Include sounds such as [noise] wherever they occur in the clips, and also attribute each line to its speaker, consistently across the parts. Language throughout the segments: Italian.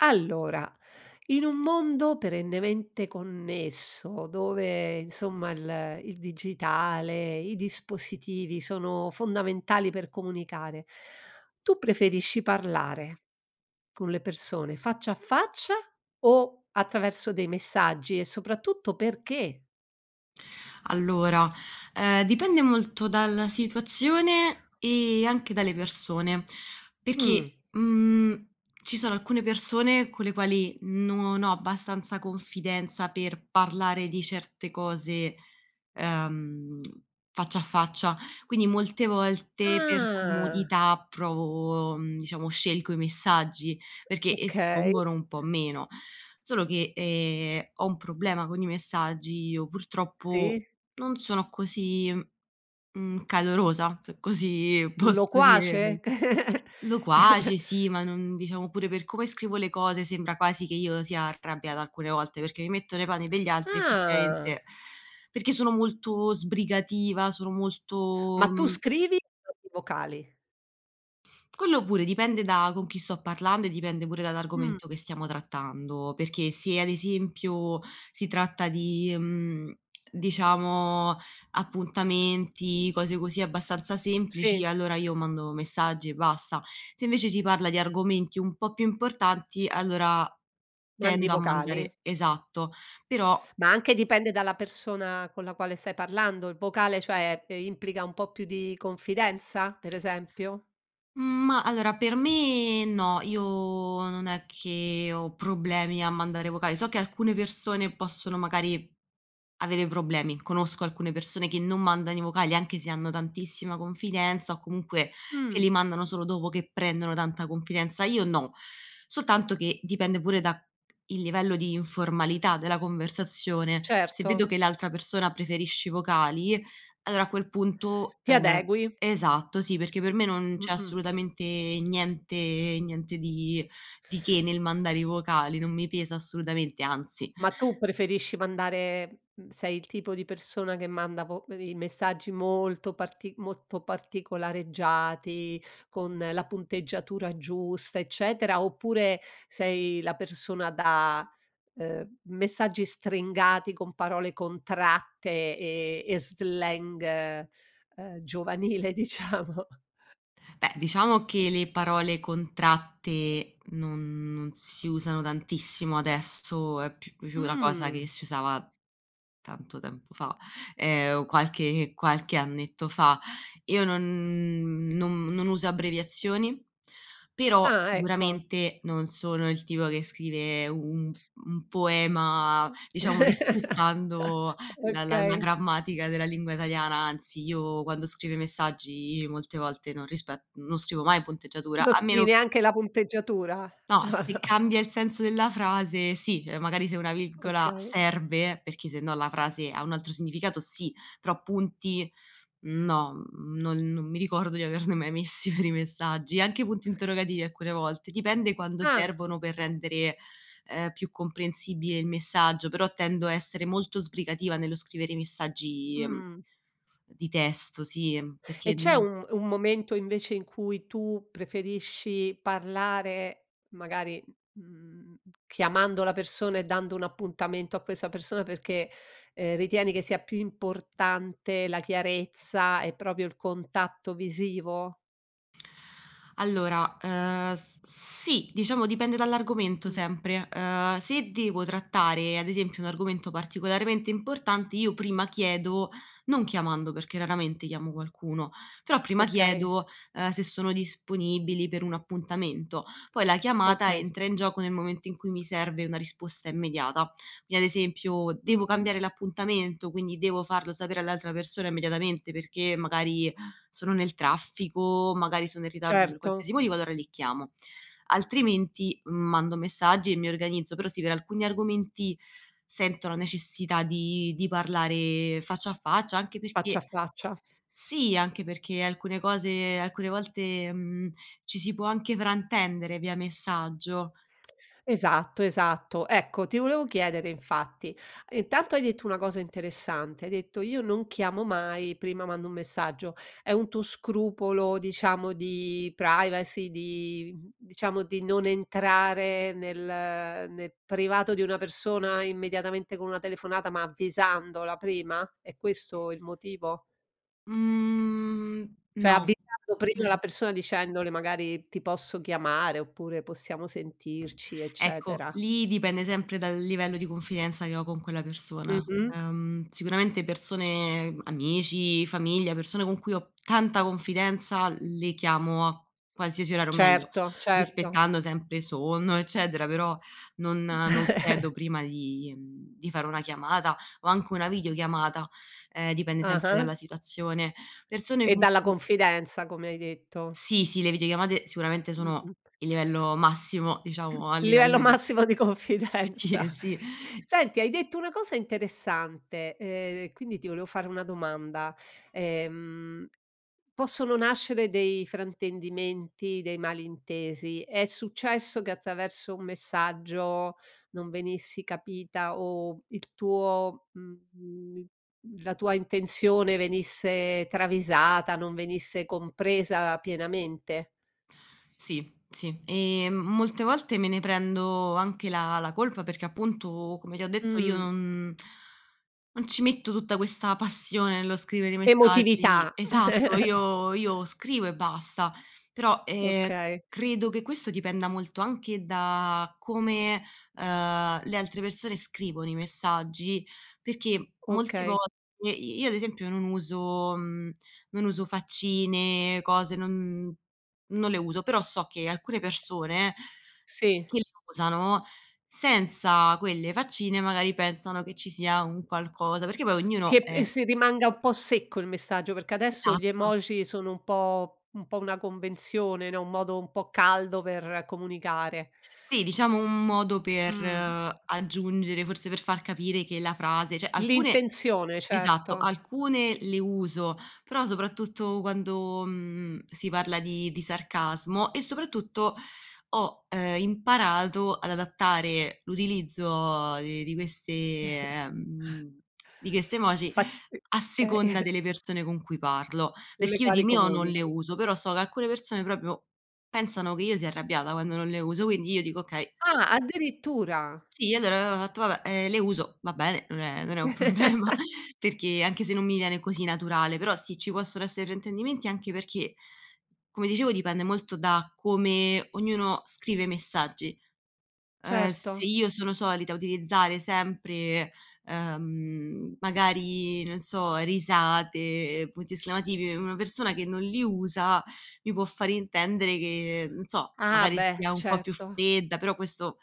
Speaker 1: Allora in un mondo perennemente connesso, dove insomma il ehm, il digitale, i dispositivi sono fondamentali per comunicare, tu preferisci parlare, con le persone, faccia a faccia o attraverso dei messaggi e soprattutto perché?
Speaker 2: Allora, ehm, dipende molto dalla situazione, ehm, anche dalle persone, perché,
Speaker 1: Mh.
Speaker 2: mhmm, ci sono alcune persone con le quali non ho abbastanza confidenza per parlare di certe cose, uhm, faccia a faccia, quindi molte volte per
Speaker 1: Ah
Speaker 2: comodità provo mhmm, diciamo, scelgo i messaggi perché
Speaker 1: Okay.
Speaker 2: espongono un po’ meno. Solo che, ehm, ho un problema con i messaggi, io purtroppo
Speaker 1: Sì.
Speaker 2: non sono così, mhmm, calorosa, se così posso dire,
Speaker 1: Loquace?
Speaker 2: [unintelligible] loquace, sì,
Speaker 1: [chuckles]
Speaker 2: ma non diciamo pure per come scrivo le cose sembra quasi che io sia arrabbiata alcune volte, perché mi metto nei panni degli altri
Speaker 1: Ah
Speaker 2: effettivamente, perché sono molto sbrigativa, sono
Speaker 1: Ma
Speaker 2: molto,
Speaker 1: tu
Speaker 2: mhmm
Speaker 1: scrivi o mandi i vocali?
Speaker 2: Quello pure dipende da con chi sto parlando e dipende pure
Speaker 1: Mh.
Speaker 2: dall’argomento che stiamo trattando, perché se ad esempio si tratta di, mhmm, diciamo, appuntamenti, cose così, abbastanza semplici,
Speaker 1: Sì.
Speaker 2: allora io mando messaggi e basta, se invece si parla di argomenti un po’ più importanti allora
Speaker 1: Mandi i
Speaker 2: tendo a
Speaker 1: vocali?
Speaker 2: mandare esatto, però
Speaker 1: Ma anche dipende dalla persona con la quale stai parlando, il vocale cioè a te implica un po' più di confidenza per esempio?
Speaker 2: Mhmm, ma allora per me no, io non è che ho problemi a mandare vocali, so che alcune persone possono magari avere problemi. Conosco alcune persone che non mandano i vocali anche se hanno tantissima confidenza o comunque che
Speaker 1: Mh.
Speaker 2: li mandano solo dopo che prendono tanta confidenza, io no. Soltanto che dipende pure da c il livello di informalità della conversazione, se
Speaker 1: Certo.
Speaker 2: vedo che l’altra persona preferisce i vocali allora a quel punto,
Speaker 1: Ti
Speaker 2: ehm
Speaker 1: adegui.
Speaker 2: esatto, sì, perché per me non c’è
Speaker 1: Mh-mh.
Speaker 2: assolutamente niente niente di di che nel mandare i vocali, non mi pesa assolutamente, anzi.
Speaker 1: Ma tu preferisci mandare, uhm, sei il tipo di persona che manda vo i i messaggi molto parti molto particolareggiati, con la punteggiatura giusta eccetera, oppure sei la persona da ehm, messaggi stringati con parole contratte, ehm, e slang, uhm, giovanile diciamo?
Speaker 2: Beh, diciamo che le parole contratte non non si usano tantissimo, adesso è più più una cosa che
Speaker 1: Mhmm.
Speaker 2: si usava tanto tempo fa, ehm, o qualche qualche annetto fa, io non non non uso abbreviazioni, però
Speaker 1: Ah ecco.
Speaker 2: sicuramente non sono il tipo che scrive un un poema, diciamo,
Speaker 1: [chuckles]
Speaker 2: rispettando la la la
Speaker 1: Okay.
Speaker 2: grammatica della lingua italiana, anzi, io quando scrivo i messaggi molte volte non rispe non scrivo mai punteggiatura,
Speaker 1: Non
Speaker 2: a
Speaker 1: scrivi
Speaker 2: meno che
Speaker 1: neanche la punteggiatura?
Speaker 2: No, se
Speaker 1: [chuckles]
Speaker 2: cambia il senso della frase, sì, cioè magari se una virgola
Speaker 1: Okay.
Speaker 2: serve perché sennò la frase ha un altro significato sì, però punti no, non non mi ricordo di averne mai messi per i messaggi, anche punti interrogativi alcune volte dipende, quando
Speaker 1: Ah.
Speaker 2: servono per rendere, ehm, più comprensibile il messaggio, però tendo a essere molto sbrigativa nello scrivere i messaggi, ehm,
Speaker 1: Mhmm.
Speaker 2: di testo, sì, ehm,
Speaker 1: E
Speaker 2: perché,
Speaker 1: c'è
Speaker 2: mhmm
Speaker 1: un un momento invece in cui tu preferisci parlare magari, m mhmm, chiamando la persona e dando un appuntamento a questa persona perché, ehm, ritieni che sia più importante la chiarezza e proprio il contatto visivo?
Speaker 2: Allora, ehm, s sì, diciamo dipende dall’argomento
Speaker 1: Mh.
Speaker 2: sempre, ehm, se devo trattare ad esempio un argomento particolarmente importante, io prima chiedo, non chiamando, perché raramente chiamo qualcuno, però prima
Speaker 1: Okay.
Speaker 2: chiedo, ehm, se sono disponibili per un appuntamento. Poi, la chiamata
Speaker 1: Okay.
Speaker 2: entra in gioco nel momento in cui mi serve una risposta immediata, vi è ad esempio
Speaker 1: Mh,
Speaker 2: devo
Speaker 1: mh.
Speaker 2: cambiare l’appuntamento, quindi devo farlo sapere all’altra persona immediatamente perché magari sono nel traffico, magari sono in ritardo, per
Speaker 1: Certo.
Speaker 2: qualsiasi motivo, allora lì chiamo, altrimenti, uhm, mando messaggi e mi organizzo, però sì, per alcuni argomenti sento la necessità di di parlare faccia a faccia, anche perché
Speaker 1: Faccia a faccia.
Speaker 2: sì, anche perché alcune cose alcune volte, mhmm, ci si può anche fraintendere via messaggio.
Speaker 1: Esatto, esatto, ecco, ti volevo chiedere infatti, intanto hai detto una cosa interessante, hai detto: "Io non chiamo mai prima mando un messaggio", è un tuo scrupolo diciamo di privacy, di diciamo, di non entrare nel ehm, nel privato di una persona immediatamente con una telefonata, ma avvisandola prima? È questo il motivo?
Speaker 2: Mhmm,
Speaker 1: Cioè
Speaker 2: no.
Speaker 1: avvisando prima
Speaker 2: [chuckles]
Speaker 1: la persona dicendole magari: "Ti posso chiamare?", oppure: "Possiamo sentirci?",
Speaker 2: Ecco,
Speaker 1: eccetera.
Speaker 2: lì dipende sempre dal livello di confidenza che ho con quella persona,
Speaker 1: Mh-mh.
Speaker 2: uhm, sicuramente persone, amici, famiglia, persone con cui ho, p tanta confidenza, le chiamo a qualsiasi orario, o meglio,
Speaker 1: Certo, certo.
Speaker 2: rispettando sempre sonno eccetera, però non non chiedo
Speaker 1: [chuckles]
Speaker 2: prima di di fare una chiamata o anche una videochiamata, ehm, dipende sempre dalla
Speaker 1: Ah-ah.
Speaker 2: situazione, persone
Speaker 1: E
Speaker 2: con
Speaker 1: dalla
Speaker 2: cui
Speaker 1: confidenza come hai detto.
Speaker 2: Sì, sì, le videochiamate sicuramente sono
Speaker 1: Mh-mh.
Speaker 2: il livello massimo
Speaker 1: [clears throat] Il
Speaker 2: diciamo a
Speaker 1: livello
Speaker 2: livello di
Speaker 1: massimo di confidenza.
Speaker 2: sì, sì
Speaker 1: Senti hai detto una cosa interessante, ehm, quindi ti volevo fare una domanda, ehm, possono nascere dei fraintendimenti, dei malintesi? È successo che attraverso un messaggio non venissi capita o il tuo, mhmm, la tua intenzione venisse travisata, non venisse compresa pienamente?
Speaker 2: Sì, sì, ehm, m molte volte me ne prendo anche la la colpa, perché appunto come ti ho detto io
Speaker 1: Mhmm.
Speaker 2: non [inhales] non ci metto tutta questa passione nello scrivere i messaggi
Speaker 1: Emotività.
Speaker 2: esatto,
Speaker 1: [chuckles]
Speaker 2: io io scrivo e basta, però, ehm,
Speaker 1: Okay.
Speaker 2: credo che questo dipenda molto anche da come, uhm, le altre persone scrivono i messaggi, perché molte
Speaker 1: Okay.
Speaker 2: volte i io ad esempio non uso, mhmm, non uso faccine, cose, non non le uso, però so che alcune persone,
Speaker 1: Sì.
Speaker 2: che le usano, senza quelle faccine magari pensano che ci sia un qualcosa perché poi ognuno
Speaker 1: Che p e
Speaker 2: è
Speaker 1: si rimanga un po' secco il messaggio, perché adesso gli
Speaker 2: Esatto.
Speaker 1: emoji sono un po un po' una convenzione, no, un modo un po' caldo per comunicare.
Speaker 2: Sì, diciamo un modo per
Speaker 1: Mhmm.
Speaker 2: aggiungere, forse per far capire che la frase cioè alcune
Speaker 1: L'intenzione
Speaker 2: esatto,
Speaker 1: certo.
Speaker 2: alcune le uso però soprattutto quando, mhmm, si parla di di sarcasmo e soprattutto ho, ehm, imparato ad adattare l’utilizzo di di queste,
Speaker 1: [chuckles]
Speaker 2: ehm, di queste emoji,
Speaker 1: Fatt e
Speaker 2: a
Speaker 1: eh.
Speaker 2: seconda
Speaker 1: [chuckles]
Speaker 2: delle persone con cui parlo,
Speaker 1: Con le
Speaker 2: perché io di
Speaker 1: quali
Speaker 2: mio non le
Speaker 1: comunichi.
Speaker 2: uso, però so che alcune persone proprio pensano che io sia arrabbiata quando non le uso, quindi io dico: “Okay".
Speaker 1: Ah, addirittura.
Speaker 2: Sì allora, io [unintelligible] fatto vabbè, ehm, le uso, va bene, non è non è un problema,
Speaker 1: [chuckles]
Speaker 2: perché anche se
Speaker 1: [sniffs]
Speaker 2: non mi viene così naturale, però sì, ci possono essere fraintendimenti, anche perché, come dicevo dipende molto da come ognuno scrive i messaggi, ehm, se
Speaker 1: Certo.
Speaker 2: io sono solita utilizzare sempre, ehm, magari, non so, risate, punti esclamativi, una persona che non li usa, mi può far intendere che non so,
Speaker 1: Ah
Speaker 2: magari
Speaker 1: beh,
Speaker 2: sia un po’ più
Speaker 1: certo.
Speaker 2: fredda, però questo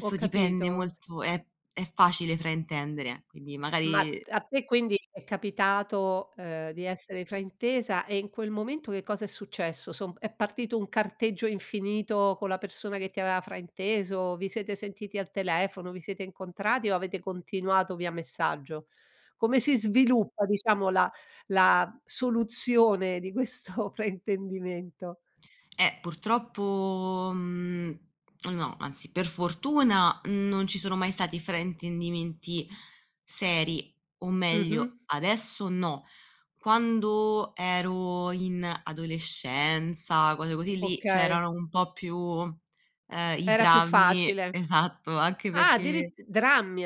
Speaker 1: Ho
Speaker 2: dipende
Speaker 1: capito.
Speaker 2: molto è è facile fraintendere, quindi
Speaker 1: Ma
Speaker 2: magari
Speaker 1: a te quindi è capitato, ehm, di essere fraintesa e in quel momento che cosa è successo, somb è partito un carteggio infinito con la persona che ti aveva frainteso, vi siete sentiti al telefono, vi siete incontrati o avete continuato via messaggio? Come si sviluppa, diciamo, la la soluzione di questo fraintendimento?
Speaker 2: Eh purtroppo, mhmm, no. Anzi per fortuna non ci sono mai stati fraintendimenti seri, o meglio,
Speaker 1: Mh-mh.
Speaker 2: adesso no, quando ero in adolescenza, cose così, lì
Speaker 1: Okay.
Speaker 2: c’erano un po’ più, ehm, i
Speaker 1: Era più
Speaker 2: drammi,
Speaker 1: facile,
Speaker 2: esatto, anche
Speaker 1: ah,
Speaker 2: perché
Speaker 1: addirit drammi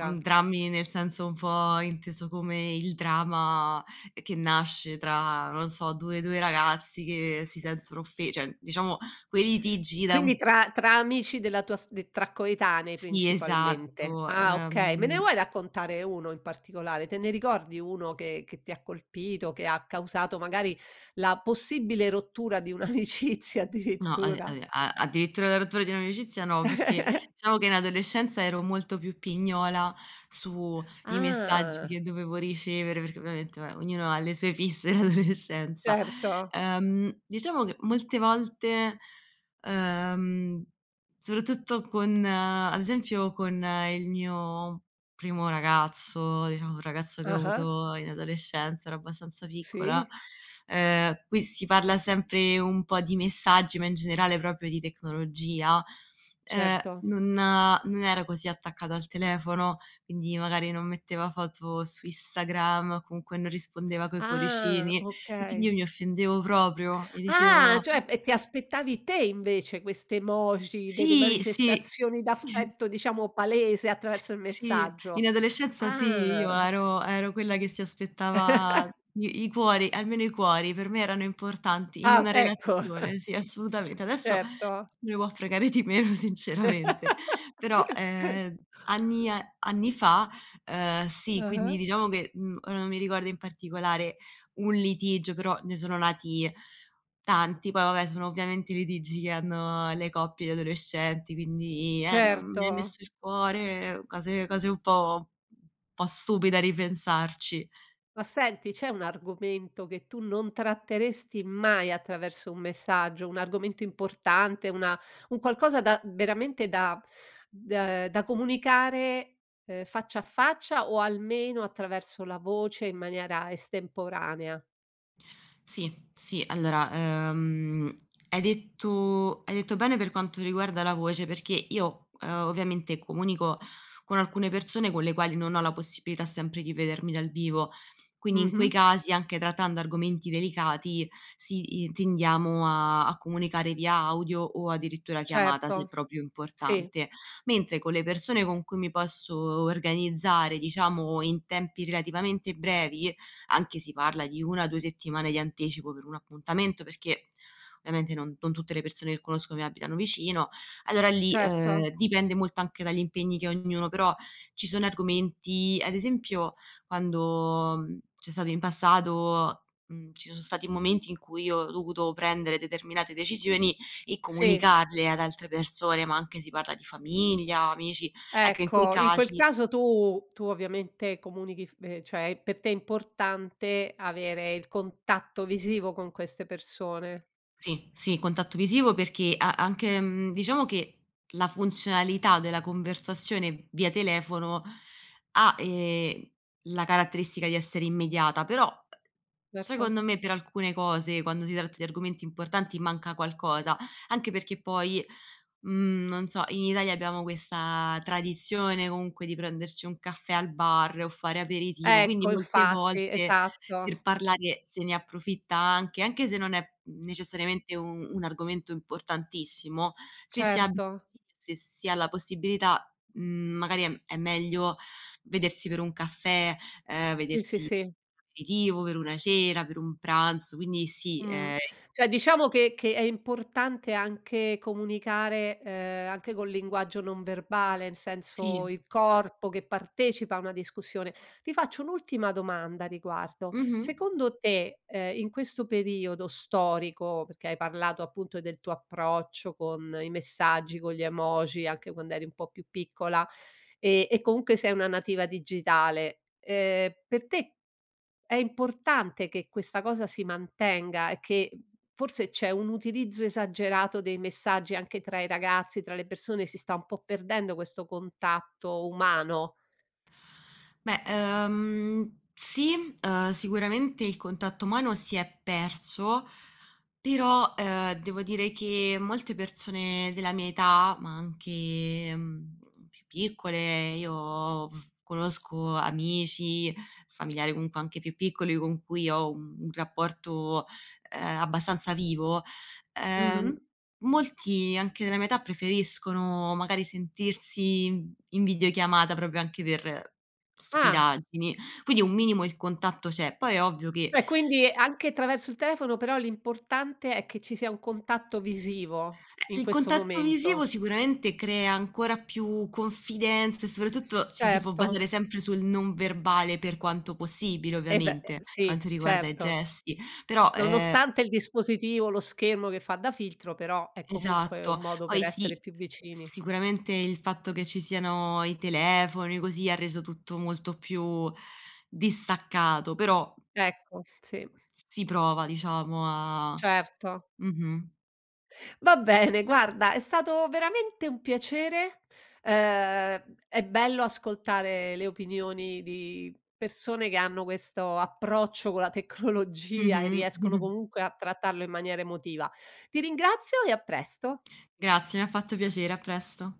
Speaker 2: Uhm, drammi nel senso un po’ inteso come il drama che nasce tra, non so, due 2 ragazzi che si sentono offe cioè diciamo, quelli litigi da un
Speaker 1: Quindi tra tra amici della tua st tra coetanei
Speaker 2: Sì,
Speaker 1: principalmente,
Speaker 2: esatto,
Speaker 1: ah okay. Me ne
Speaker 2: ehm
Speaker 1: vuoi raccontare 1 in particolare, te ne ricordi 1 che che ti ha colpito che ha causato magari la possibile rottura di un'amicizia
Speaker 2: No,
Speaker 1: addirittura?
Speaker 2: [unintelligible] a addirittura la rottura di un’amicizia, no, perché
Speaker 1: [chuckles]
Speaker 2: diciamo che in adolescenza ero molto più pignola su i messaggi che
Speaker 1: Ah.
Speaker 2: dovevo ricevere, perché ovviamente vabbè ognuno ha le sue fisse in adolescenza
Speaker 1: Certo.
Speaker 2: ehm, diciamo che molte volte, uhm, soprattutto con ad esempio con il mio primo ragazzo, diciamo un ragazzo che ho
Speaker 1: Ah-ah.
Speaker 2: avuto in adolescenza, ero abbastanza piccola,
Speaker 1: Sì.
Speaker 2: ehm, qui si parla sempre un po’ di messaggi ma in generale proprio di tecnologia, ehm,
Speaker 1: Certo.
Speaker 2: non non era così attaccato al telefono, quindi magari non metteva foto su Instagram o comunque non rispondeva coi
Speaker 1: Ah,
Speaker 2: cuoricini e quindi
Speaker 1: okay.
Speaker 2: io mi offendevo proprio e
Speaker 1: Ah
Speaker 2: dicevo
Speaker 1: cioè e ti aspettavi te invece queste emoji delle
Speaker 2: Sì, sì.
Speaker 1: manifestazioni
Speaker 2: [chuckles]
Speaker 1: d'affetto, diciamo, palese attraverso il
Speaker 2: Sì,
Speaker 1: messaggio,
Speaker 2: in adolescenza sì, io
Speaker 1: ah!
Speaker 2: ero ero quella che si aspettava
Speaker 1: [chuckles]
Speaker 2: i i cuori almeno i cuori per me erano importanti in
Speaker 1: Ah,
Speaker 2: una
Speaker 1: ecco.
Speaker 2: relazione, sì, assolutamente. Adesso
Speaker 1: Certo.
Speaker 2: me ne può fregare di meno sinceramente, però,
Speaker 1: [chuckles]
Speaker 2: ehm, anni a anni fa, ehm, sì, quindi
Speaker 1: Ah-ah.
Speaker 2: diciamo che, uhm, ora non mi ricordo in particolare un litigio, però ne sono nati tanti, poi vabbè sono ovviamente i litigi che hanno le coppie di adolescenti, quindi: “Eh non mi hai
Speaker 1: Certo.
Speaker 2: messo il cuore”, cose cose un po un po’ stupide a ripensarci.
Speaker 1: Ma senti c'è un argomento che tu non tratteresti mai attraverso un messaggio, un argomento importante, una un qualcosa da veramente da [sucks teeth] d da comunicare, ehm, faccia a faccia o almeno attraverso la voce in maniera estemporanea?
Speaker 2: Sì, sì, allora, ehm, hai detto hai detto bene per quanto riguarda la voce, perché io, ehm, ovviamente comunico con alcune persone con le quali non ho la possibilità sempre di vedermi dal vivo, quindi in quei
Speaker 1: Mh-mh.
Speaker 2: casi anche trattando argomenti delicati, sì, i tendiamo a a comunicare via audio o addirittura chiamata se
Speaker 1: Certo,
Speaker 2: proprio è
Speaker 1: sì.
Speaker 2: importante, mentre con le persone con cui mi posso o organizzare diciamo in tempi relativamente brevi, anche si parla di 1-2 settimane di anticipo per un appuntamento, perché ovviamente non non tutte le persone che conosco mi abitano vicino, allora lì,
Speaker 1: Certo.
Speaker 2: ehm, dipende molto anche dagli impegni che ha ognuno, però ci sono argomenti ad esempio quando, uhm, c’è stato in passato uhm, ci son stati momenti in cui io ho dovuto prendere determinate decisioni e
Speaker 1: Sì.
Speaker 2: comunicarle ad altre persone, ma anche si parla di famiglia, amici, ecco, in quei
Speaker 1: Ecco, in quel
Speaker 2: casi
Speaker 1: caso tu tu ovviamente comunichi f ehm, cioè pe te è importante avere il contatto visivo con queste persone.
Speaker 2: Sì, sì, contatto visivo, perché a anche, mhmm, diciamo che la funzionalità della conversazione via telefono ha, ehm, la caratteristica di essere immediata, però
Speaker 1: Verto.
Speaker 2: secondo me per alcune cose, quando si tratta di argomenti importanti, manca qualcosa, anche perché poi, mhmm, non so, in Italia abbiamo questa tradizione comunque di prenderci un caffè al bar o fare aperitivo, quindi
Speaker 1: Ecco,
Speaker 2: molte
Speaker 1: infatti
Speaker 2: volte
Speaker 1: esatto.
Speaker 2: per parlare se ne approfitta anche anche se non è, uhm, necessariamente u un argomento importantissimo, se si ha
Speaker 1: Certo.
Speaker 2: [unintelligible] se si ha la possibilità, mhmm, magari è è meglio vedersi per un caffè, ehm,
Speaker 1: Sì, sì,
Speaker 2: vedersi per
Speaker 1: sì.
Speaker 2: un aperitivo, per una cena, per un pranzo, quindi sì,
Speaker 1: Mhmm,
Speaker 2: ehm
Speaker 1: cioè diciamo che che è importante anche comunicare, ehm, anche col linguaggio non verbale nel
Speaker 2: Sì.
Speaker 1: senso il corpo che partecipa a una discussione. Ti faccio un'ultima domanda a riguardo,
Speaker 2: Mh-mh.
Speaker 1: secondo te, ehm, in questo periodo storico, perché hai parlato appunto del tuo approccio con i messaggi, con gli emoji, anche quand'eri un po' più piccola ehm, e comunque sei una nativa digitale, ehm, per te è importante che questa cosa si mantenga e che, uhm, forse c'è un utilizzo esagerato dei messaggi anche tra i ragazzi, tra le persone, si sta un po' perdendo questo contatto umano?
Speaker 2: Beh, ehm, sì, uhm, sicuramente il contatto umano si è perso, però, ehm, devo dire che, molte persone della mia età, ma anche, uhm, più piccole, io, uhm, conosco amici, familiari, comunque anche più piccoli con cui ho un un rapporto, ehm, abbastanza vivo, ehm,
Speaker 1: Mh-mh.
Speaker 2: molti anche della mia età, preferiscono magari sentirsi in videochiamata proprio anche per
Speaker 1: Ah!
Speaker 2: stupidaggini, quindi un minimo il contatto c’è, poi è ovvio che
Speaker 1: Cioè quindi, anche traverso il telefono, però l'importante è che ci sia un contatto visivo
Speaker 2: Eh
Speaker 1: in
Speaker 2: il
Speaker 1: questo
Speaker 2: contatto visivo
Speaker 1: momento.
Speaker 2: sicuramente crea ancora più confidenza e soprattutto ci si può
Speaker 1: Certo.
Speaker 2: basare sempre sul non verbale per quanto possibile
Speaker 1: Eh ve ehm,
Speaker 2: ovviamente, per
Speaker 1: sì
Speaker 2: quanto riguarda i
Speaker 1: certo.
Speaker 2: gesti però ehm
Speaker 1: Nonostante il dispositivo, lo schermo che fa da filtro, però è comunque un
Speaker 2: Esatto,
Speaker 1: modo per
Speaker 2: poi
Speaker 1: essere
Speaker 2: sì,
Speaker 1: più vicini.
Speaker 2: sicuramente il fatto che ci siano i telefoni così, ha reso tutto molto più distaccato, però
Speaker 1: Ecco, sì.
Speaker 2: Si prova diciamo a
Speaker 1: Certo.
Speaker 2: mh-mh.
Speaker 1: Va bene guarda è stato veramente un piacere, ehm, è bello ascoltare le opinioni di persone che hanno questo approccio con la tecnologia e
Speaker 2: Mh-mh.
Speaker 1: riescono
Speaker 2: [chuckles]
Speaker 1: comunque a trattarlo in maniera emotiva. Ti ringrazio e a presto.
Speaker 2: Grazie, mi ha fatto piacere a presto.